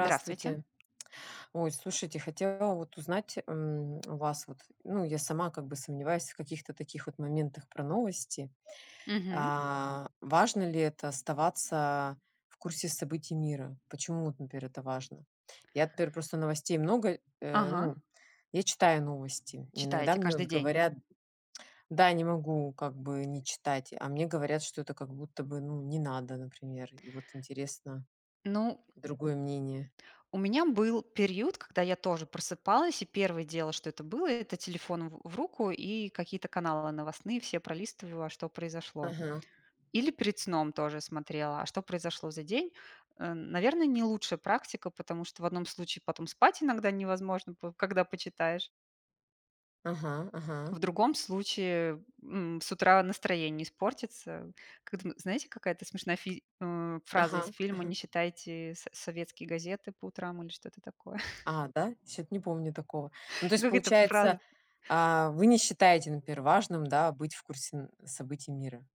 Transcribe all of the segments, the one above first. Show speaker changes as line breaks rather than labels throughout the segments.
Здравствуйте.
Ой, слушайте, хотела вот узнать, м, у вас, вот, ну, я сама как бы сомневаюсь в каких-то таких вот моментах про новости.
Мгм.
А, важно ли это- оставаться в курсе событий мира? Почему, вот, например, это важно? Я теперь просто новостей много, э
Ага.
ну, я читаю новости, иногда
Читаете
мне вот
каждый день?
говорят да, не могу как бы не читать, а мне говорят, что это как будто бы, ну, не надо, например, и вот интересно
Ну.
другое мнение.
У меня был период, когда я тоже просыпалась, и 1 дело, что это было- это телефон в в руку и какие-то каналы новостные все пролистывала, что произошло.
Ага.
Или перед сном тоже смотрела, а что произошло за день. Эм, наверное, не лучшая практика, потому что в одном случае потом спать иногда невозможно п когда почитаешь.
Ага, ага.
В другом случае, м, с утра настроение испортится. Кэтм знаете, какая-то смешная фи а, фраза из
Ага,
фильма:
ага.
"Не читайте со советские газеты по утрам",- или что-то такое.
А, да, чё-то не помню такого. Ну, то
И
есть
как эта
получается,
фраза.
а, вы, не считаете, например, важным, да, быть в курсе событий мира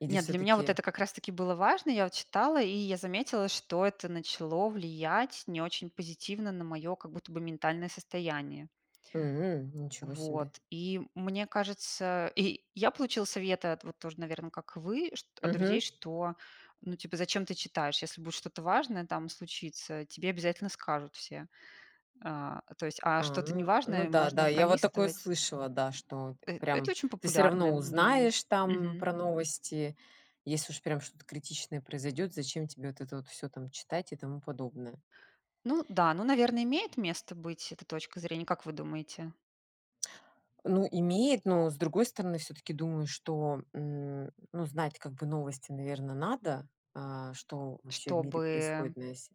или
Нет, для меня вот
всё-таки
это как раз таки было важно. Я вот читала, и я заметила, что это начало влиять не очень позитивно на моё как будто бы ментальное состояние.
М. Ничего себе.
Вот, и мне кажется, и я получила советы от вот тоже, наверное, как вы, чт от друзей,
Мгм.
что, ну, типа, зачем ты читаешь, если будет что-то важное там случится, тебе обязательно скажут все. А, то есть, а
А,
что-то
ну ну
неважное, э,
да,
можно
да, я вот такое
пролистывать.
слышала, да, что
Э это
прям
очень
ты всё
популярное
равно
мнение.
узнаешь там
Мгм.
про новости, если уж прям что-то критичное произойдет, зачем тебе вот это вот всё там читать и тому подобное?
Ну да, ну, наверное, имеет место быть эта точка зрения. Как вы думаете?
Ну имеет, но с другой стороны, всё-таки думаю, что, м, ну, знать как бы новости, наверно, надо, а, что вообще в мире происходит
Чтобы
на сь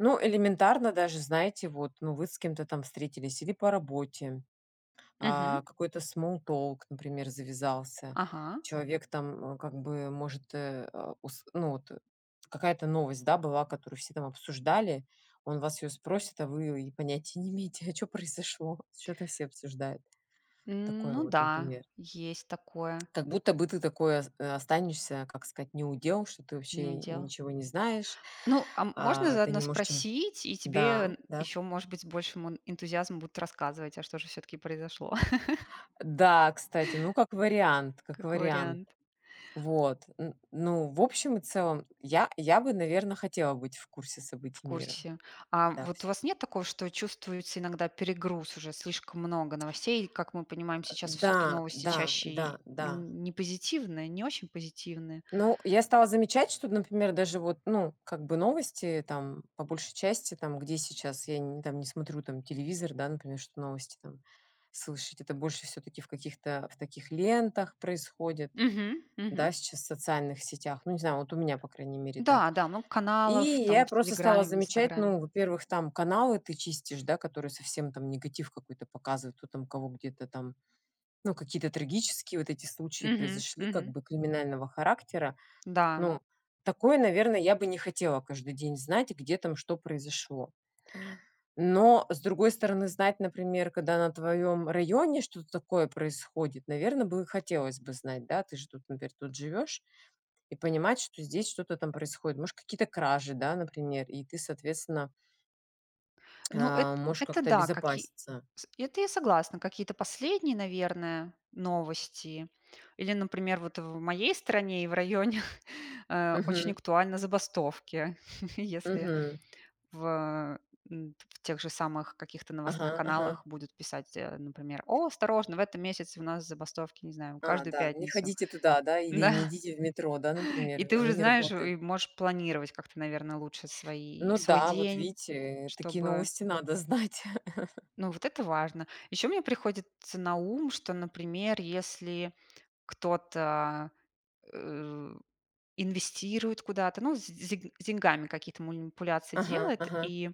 Ну, элементарно даже, знаете, вот, ну, вы с кем-то там встретились или по работе,
Мгм.
а, какой-то small talk, например, завязался,
Ага.
человек там, м, как бы может, э, а, ус ну вот, какая-то новость, да, была, которую все там обсуждали, он вас о ней спросит, а вы и понятия не имеете, а чё произошло, вот чё там все обсуждают? Такое
Ну
вот,
да,
например.
есть такое.
Как будто бы ты такой ос останешься, как сказать, не у дел, что ты
Не
вообще
у дел.
ничего не знаешь,
Ну, а можно
а ты
заодно
не можешь, чем
спросить, и тебе
да,
н
да.
ещё, может быть, с большим эн энтузиазмом будут рассказывать, а что же всё-таки произошло.
Да, кстати, ну, как вариант, как
Как
вариант.
вариант.
Вот, н ну, в общем и целом, я я бы, наверное, хотела быть в курсе
В
событий мира.
курсе. Ам,
Да,
вот у вас
всё-таки.
нет такого, что вы чувствуете иногда перегруз уже, слишком много новостей, и, как мы понимаем,
Э,
сейчас
да,
всё-таки новости
да,
чаще
да,
и
да.
нь не позитивные, не очень позитивные.
Ну, я стала замечать, что, например, даже вот, ну, как бы новости, там, по большей части там, где сейчас я нь там не смотрю там телевизор, да, например, чтобы новости там слышать. Это больше все-таки в каких-то в таких лентах происходит,
Мгм, мгм.
да, сейчас, в социальных сетях. Ну, не знаю, вот у меня, по крайней мере, так.
Да, да, много
И
каналов там
я
в
просто стала
"Телеграме", в
замечать
"Инстаграме".
ну, во-первых, там каналы ты чистишь, да, которые совсем там негатив какой-то показывают, кто там кого где-то там, ну, какие-то трагические вот эти случаи
Мгм,
произошли, как
мгм.
бы криминального характера.
Да.
Ну, такое, наверное, я бы не хотела каждый день знать, где там что произошло. Но, с другой стороны, знать, например, когда на твоём районе что-то такое происходит, наверно, бы хотелось бы знать, да. Ты же тут, например, тут живёшь и понимать, что здесь что-то там происходит, может, какие-то кражи, да, например, и ты, соответственно
Ну,
э,
эт
можешь
это
как-то
да, как и
обезопаситься.
с это я согласна. Какие-то последние, наверное, новости. Или, например, вот в моей стране и в районе, э, очень
Мгм.
актуальны забастовки. Если
Мгм.
в м, в тех же самых каких-то новостных
Ага, ага.
каналах будут писать, э, например: "О, осторожно, в этом месяце у нас забастовки, не знаю,
А,
каждую
да, не
пятницу".
ходите туда, да, или
Да.
не идите в метро, да,
И
например,
ты
оно
уже
не
знаешь,
работает.
и можешь планировать как-то, наверное, лучше свои
Ну
свой
да, вот
день,
видите, такие
чтобы
новости надо знать.
Ну, вот это важно. Ещё мне приходит ц на ум, что, например, если кто-то, э, у, инвестирует куда-то, ну, с с д с деньгами какие-то манипуляции
Ага,
делает,
ага.
и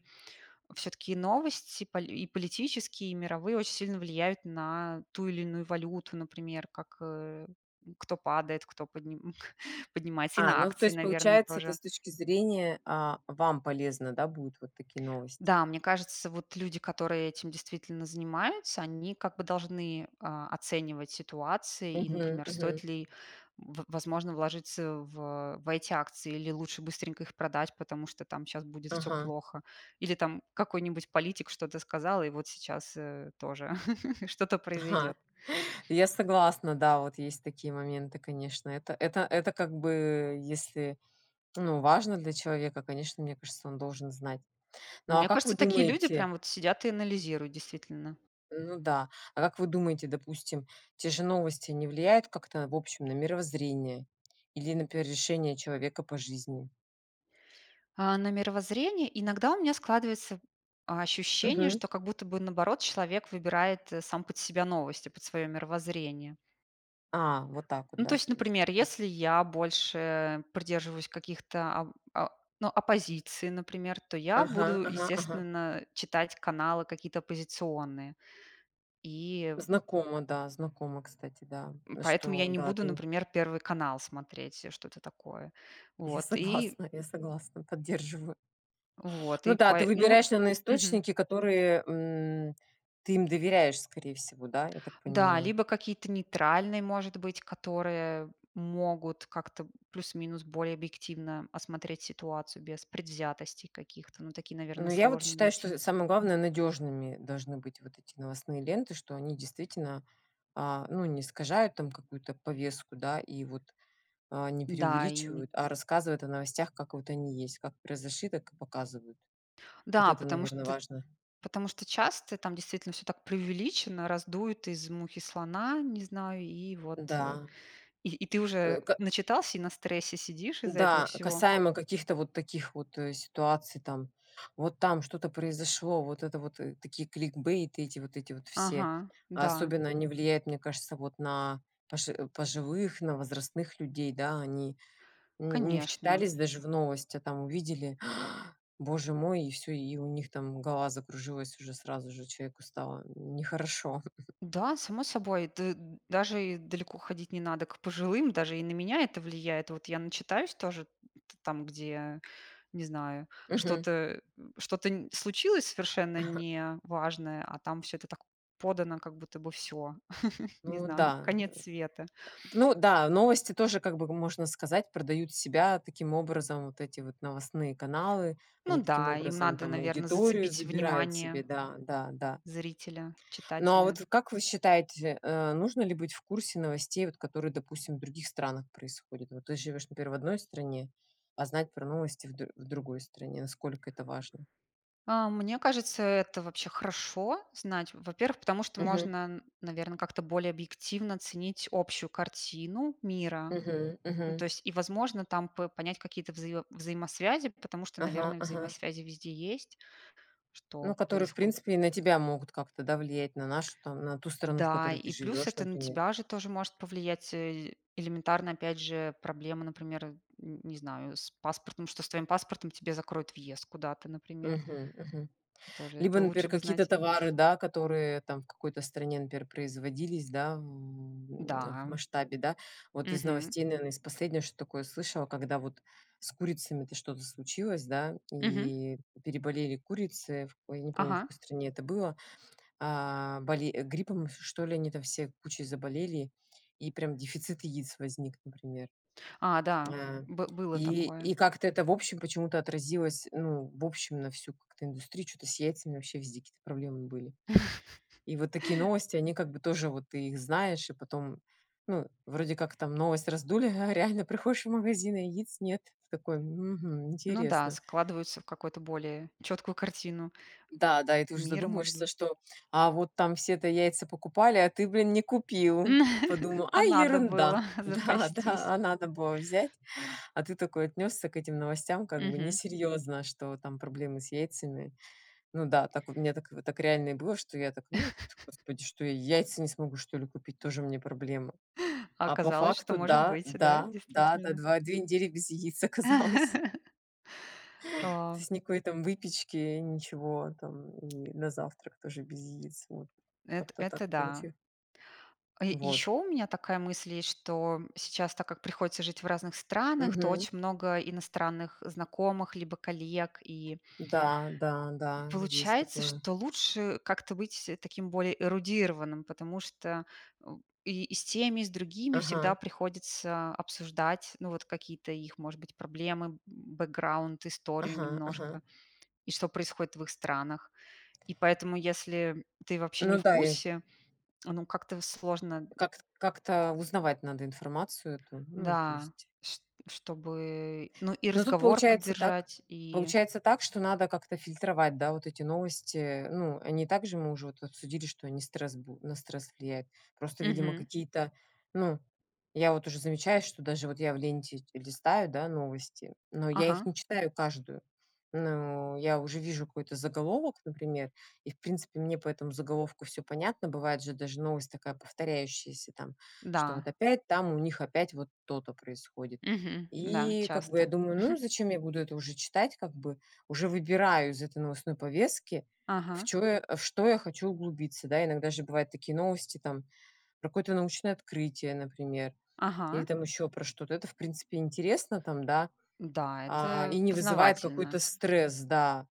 всё-таки новости поли и политические, и мировые очень сильно влияют на ту или иную валюту, например, как, э, м, кто падает, кто подним поднимается, и
А,
на
ну, то
акции,
есть
наверное,
получается, это
тоже.
с точки зрения, а, вам полезно, да, будут вот такие новости.
Да, мне кажется, вот люди, которые этим действительно занимаются, они как бы должны, а, оценивать ситуации и,
Мгм,
например,
мгм.
стоит ли, м, в возможно, вложиться в в эти акции, или лучше быстренько их продать, потому что там щас будет всё
Ага.
плохо, или там какой-нибудь политик что-то сказал, и вот сейчас, э, тоже что-то
Ага,
произойдет.
я согласна. Да, вот есть такие моменты. Конечно, это это это как бы если, ну, важно для человека, конечно, мне кажется, он должен знать. Ну,
Ну,
а
мне
как вы
кажется, такие люди
думаете
прям вот сидят и анализируют, действительно.
ну да, а как вы думаете, допустим, те же новости не влияют как-то в общем на мировоззрение или, например, решения человека по жизни?
А на мировоззрение иногда у меня складывается, а, ощущение,
Мгм.
что как будто бы наоборот человек выбирает, э, сам под себя новости, под свое мировоззрение.
А, вот так вот,
Ну, то
да,
есть,
то есть
например,
м
если я больше придерживаюсь каких-то оп о ну, оппозиции, например, то я
Ага,
буду,
ага, ага.
естественно, читать каналы какие-то оппозиционные. И
Знакомо, да, знакомо, кстати, да,
м, поэтому
что
я не
да,
буду,
ты.
например, "Первый канал" смотреть, что-то такое.
Я
Вот и
согласна, я согласна, поддерживаю.
Вот
Ну
и
да, ты
по ну,
выбираешь, наверно,
мгм.
источники, которые, м, ты им доверяешь, скорее всего, да, я так
Да,
понимаю.
либо какие-то нейтральные, может быть, которые могут как-то, м, плюс-минус более объективно осмотреть ситуацию без предвзятостей каких-то. Ну, такие,
Ну,
наверное,
я вот
сложно
считаю, что
найти.
самое главное- надежными должны быть вот эти новостные ленты, что они действительно, а, ну, не искажают там какую-то повестку, да, и вот, а, не
Да и ни
преувеличивают, а рассказывают о новостях, как вот они есть, как произошли, так и показывают. Вот
Да,
это,
потому что
наверно,
т
важно.
потому что часто там действительно всё так преувеличено, раздуют из мухи слона, не знаю, и вот, э,
Да.
и и ты уже
Э, ка
начитался и на стрессе сидишь из-за этого
Да,
всего.
касаемо каких-то вот таких вот, э, ситуаций, там вот там что-то произошло, вот это вот, э, такие кликбейты эти, вот эти вот все,
Ага, да.
особенно они влияют, мне кажется, вот на пожи пожилых, на возрастных людей. Да, они, м, не
Конечно.
вчитались даже в новость, а там увидели: "Боже мой!" И всё, и у них там голова закружилась, уже сразу же человеку стало нехорошо.
Да, само собой, да, даже и далеко ходить не надо к пожилым, даже и на меня это влияет. Вот я начитаюсь тоже т там, где, не знаю,
Мгм.
что-то, э, у что-то, м, случилось совершенно неважное, а там всё это так подано, как будто бы всё, не
Ну
знаю,
да, э.
конец
Эт
света.
ну да, новости тоже как бы, хм, можно сказать, продают себя таким образом. Вот эти вот новостные каналы,
Ну
они таким
да, им
образом
надо,
там
наверно,
аудиторию
зацепить
забирают
внимание
себе, да, да, да.
зрителя,
Ну, а
читателя.
вот как вы считаете, э, нужно ли быть в курсе новостей, вот которые, допустим, в других странах происходят? Вот ты живёшь, например, в одной стране, а знать про новости в дру в другой стране, насколько это важно?
А, мне кажется, это вообще хорошо знать. Во-первых, потому что
Мгм.
можно, н наверно, как-то более объективно оценить общую картину мира.
Мгм,
Ну то
мгм.
есть, и, возможно, там п понять какие-то взаиво взаимосвязи, потому что,
Ага,
наверное,
ага.
взаимосвязи везде есть,
Ну,
что
которые, в
происходит.
принципе, и на тебя могут как-то да влиять, на нашу там на ту страну, в
Да,
которой
и
ты
плюс
живешь,
это на
например.
тебя же тоже может повлиять, э элементарно, опять же, проблемы, например, э, н не знаю, с паспортом, что с твоим паспортом тебе закроют въезд куда-то, например.
Мгм, мгм.
Тоже
Либо,
это
например,
лучше бы
какие-то
знать.
товары, да, которые там в какой-то стране, например, производились, да, м, в
Да.
масштабе, да. Вот из
Мгм.
новостей, наверное, из последнего, что такое слышала, когда вот с курицами-то что-то случилось, да,
Мгм.
и переболели курицы, ой, я не помню, в
Ага.
какой стране это было, а, боле гриппом что ли, они там все кучей заболели, и прям дефицит яиц возник, например.
А, да,
А,
бы было
и
такое.
и как-то это, в общем, почему-то отразилось, ну, в общем, на всю как-то индустрию, чё-то с яйцами вообще везде какие-то проблемы были. И вот такие новости, они как бы тоже вот ты их знаешь, и потом, ну, вроде как там новость раздули, а реально приходишь в магазин, а яиц нет. Ты такой: "Мгм,
Ну да,
интересно".
складываются в какую-то более чёткую картину
Да, да, и ты уже
мира, может
задумываешься,
быть.
что, а вот там все-то яйца покупали, а ты, блин, не купил. Подумал: "А,
А надо
ерунда".
было
Да,
запастись.
да, а надо было взять, а ты такой отнесся к этим новостям как бы
Мгм.
несерьезно, что там проблемы с яйцами. Ну да, так вот у меня так, э, так реально и было, что я так: "Ну, пф господи, что я, яйца не смогу, что ли, купить? Тоже мне проблемы".
А
А по
оказалось, что
факту
может
да,
быть. Да,
да, да, да,
действительно.
два две недели без яиц оказалось. То
О.
есть никакой там выпечки, ничего там, и на завтрак тоже без яиц. Вот
Эт
как-то так
это да.
получи
А, е
Вот.
ещё у меня такая мысль есть, что, м, сейчас, так как приходится жить в разных странах, то
Мгм.
очень много иностранных знакомых либо коллег. И
Да, да, да, есть
получается,
такое.
что лучше как-то быть таким более эрудированным, потому что, м, и с теми, и с другими
Ага.
всегда приходится обсуждать, ну, вот какие-то их, может быть, проблемы, м, бэкграунд, историю
Ага, ага.
немножко, и что происходит в их странах. И поэтому, если, м, ты вообще не
Ну
в
да, и
курсе, ну, как-то сложно.
Как т как-то узнавать надо информацию эту, ну, то
Да,
есть.
шт чтобы, ну, и
Ну тут
разговор
получается так
поддержать, и
получается так, что надо как-то фильтровать, да, вот эти новости, э. Ну, они и так же, мы уже обсудили, что они стресс бу на стресс влияют. Просто, видимо,
Мгм.
какие-то, ну, я вот уже замечаю, что даже вот я в ленте листаю, да, новости, но я их
Ага.
не читаю каждую. Ну, я уже вижу какой-то заголовок, например, и, в принципе, мне по этому заголовку всё понятно. Бывает же даже новость такая повторяющаяся, там, что
Да.
вот опять там у них опять вот то-то происходит.
Мгм. Да,
И как бы я
часто.
думаю: "Ну и зачем я буду это уже читать?" Как бы уже выбираю из этой новостной повестки, в
Ага.
чё я а, во что я хочу углубиться. Да, иногда же бывают такие новости там про какое-то научное открытие, например, или
Ага.
там еще про что-то. Это, в принципе, интересно там, да,
Да,
а, и
это
не вызывает какой-то
познавательно.
стресс, да.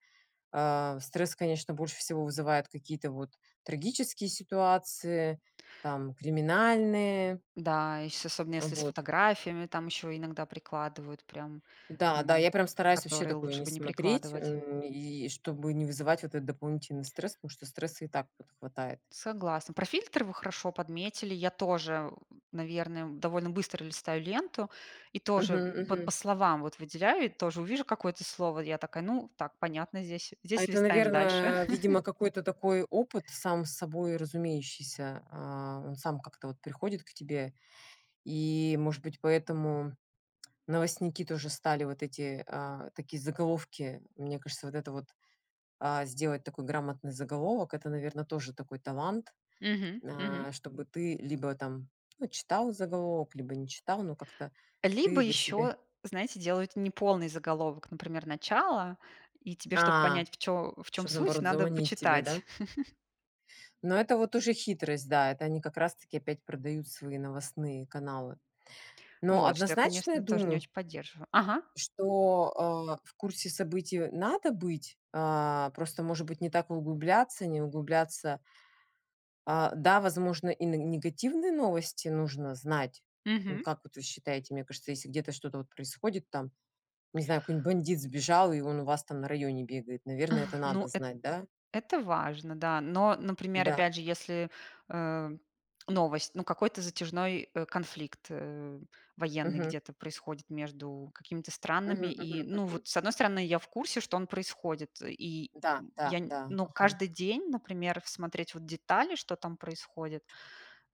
Ам, стресс, конечно, больше всего вызывает какие-то вот трагические ситуации, там, криминальные.
Да, и с особенно если с
Вот.
фотографиями, там еще иногда прикладывают прям,
Да, да,
м,
я прям стараюсь вообще
которые
такое
лучше
не
бы не
смотреть,
прикладывать.
эм, и чтобы не вызывать вот этот дополнительный стресс, потому что стресса и так вот хватает.
Согласна. Про фильтр вы хорошо подметили. Я тоже, ум наверное, довольно быстро листаю ленту и
Мгм,
тоже по по
мгм.
словам вот выделяю и тоже увижу какое-то слово. Я такая: "Ну так, понятно здесь.
А
Здесь
это,
листаем дальше".
наверное, видимо, какой-то такой опыт, сам собой разумеющийся. А, он сам как-то вот приходит к тебе, и, может быть, поэтому новостники тоже стали вот эти, а, такие заголовки. Мне кажется, вот это вот, а, сделать такой грамотный заголовок- это, наверно, тоже такой талант,
Мгм, мгм.
а, чтобы ты либо там, ну, читал заголовок, либо не читал, но как-то
Либо
ты для себя
еще, знаете, делают неполный заголовок, например, начало. И тебе, чтобы
А,
понять, в чё в чем
чтобы,
суть,
наоборот,
надо
заманить тебя,
почитать.
да? Но это вот уже хитрость, да, это они как раз-таки опять продают свои новостные каналы. Но
Вот что я,
однозначно я
конечно, тоже не
думаю
очень поддерживаю. Ага.
что, а, в курсе событий, э, надо быть. А, просто, может быть, не так углубляться, не углубляться а, да, возможно, и на негативные новости нужно знать. М,
Мгм.
как вот вы считаете? Мне кажется, если где-то что-то вот происходит там, не знаю, какой-нибудь бандит сбежал, и он у вас там на районе бегает, наверное, это
Ах,
надо
ну эт
знать, да?
это важно, да. Но, например,
Да.
опять же, если, эм, новость, ну, какой-то затяжной, э, конфликт, э, военный
Мгм.
где-то происходит между какими-то странами.
Мгм,
И,
мгм,
ну,
мгм.
вот, с одной стороны, я в курсе, что он происходит. И,
Да,
м,
да,
я не,
да,
ну,
ага.
каждый день, например, смотреть вот детали, что там происходит,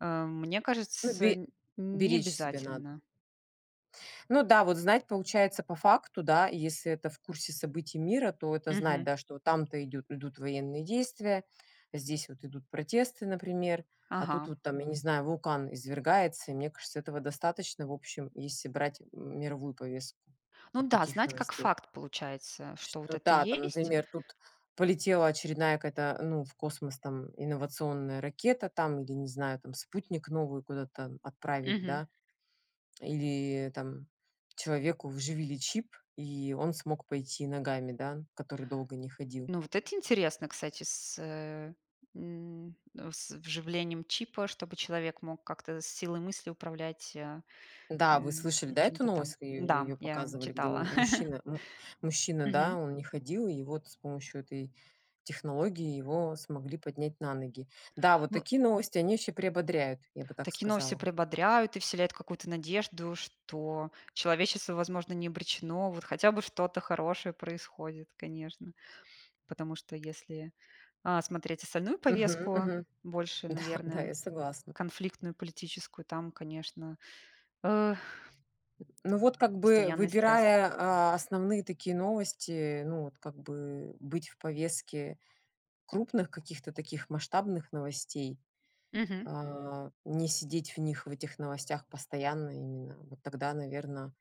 эм, мне
Ну,
кажется,
бе
нь не
беречь себя надо.
обязательно.
Ну да, вот знать, получается по факту, да, если это в курсе событий мира, то это знать,
Мгм.
да, что вот там-то идут идут военные действия, здесь вот идут протесты, например, а тут
Ага.
вот там, я не знаю, вулкан извергается, и мне кажется, этого достаточно, в общем, если брать м мировую повестку
Ну
вот
да,
таких
знать как
новостей.
факт, получается, что вот
Что
это
да, там,
есть.
например, тут полетела очередная какая-то, ну, в космос, там, инновационная ракета, там, или, не знаю, там, спутник новый куда-то там отправили,
Мгм.
да, или там человеку вживили чип, и он смог пойти ногами, да, который долго не ходил.
Ну, вот это интересно, кстати, с, эм, с вживлением чипа, чтобы человек мог как-то с силой мысли управлять, а, э,
Да, вы слышали, да, эту
чем-то там.
новость, ее
Да,
ее
я
показывали, где
читала.
му мужчина му мужчина, да,
Мгм.
он не ходил, и вот с помощью этой технологии, его смогли поднять на ноги. Да, вот
Ну.
такие новости, они еще приободряют, я бы так
Такие новости
сказала.
приободряют и вселяют какую-то надежду, что человечество, возможно, не обречено. Вот хотя бы что-то хорошее происходит, конечно. Потому что если, а, смотреть остальную
Мгм,
повестку,
мгм.
больше,
Да, да,
наверное,
я согласна.
конфликтную политическую, там, конечно, э
М, ну вот, как бы,
постоянный стресс.
выбирая, а, основные такие новости, ну вот, как бы быть в повестке крупных каких-то таких масштабных новостей,
Мгм.
а не сидеть в них, в этих новостях постоянно именно. Вот тогда, наверно,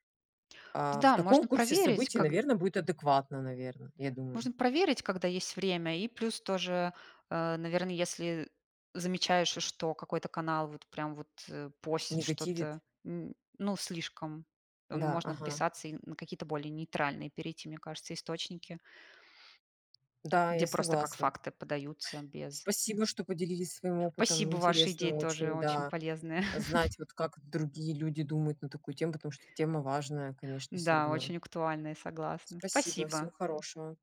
а, в
Да,
таком
можно
курсе
проверить,
событий,
когд
наверно, будет адекватно, наверно, я думаю.
можно проверить, когда есть время, и плюс тоже, э, наверное, если, э, замечаешь, что какой-то канал вот прям вот, э, постит
Негативит.
что-то, м, ну, слишком,
Да,
можно
ага.
отписаться и на какие-то более нейтральные перейти, мне кажется, источники
Да, я
где просто как
согласна.
факты подаются без
Спасибо, что поделились своим опытом.
Спасибо, ваши идеи
Интересно
тоже
очень,
очень
да,
полезные.
знать вот, как другие люди думают на такую тему, потому что тема важная, конечно, всё
Да,
равно.
очень актуальные, согласна.
Спасибо,
Спасибо.
всего хорошего.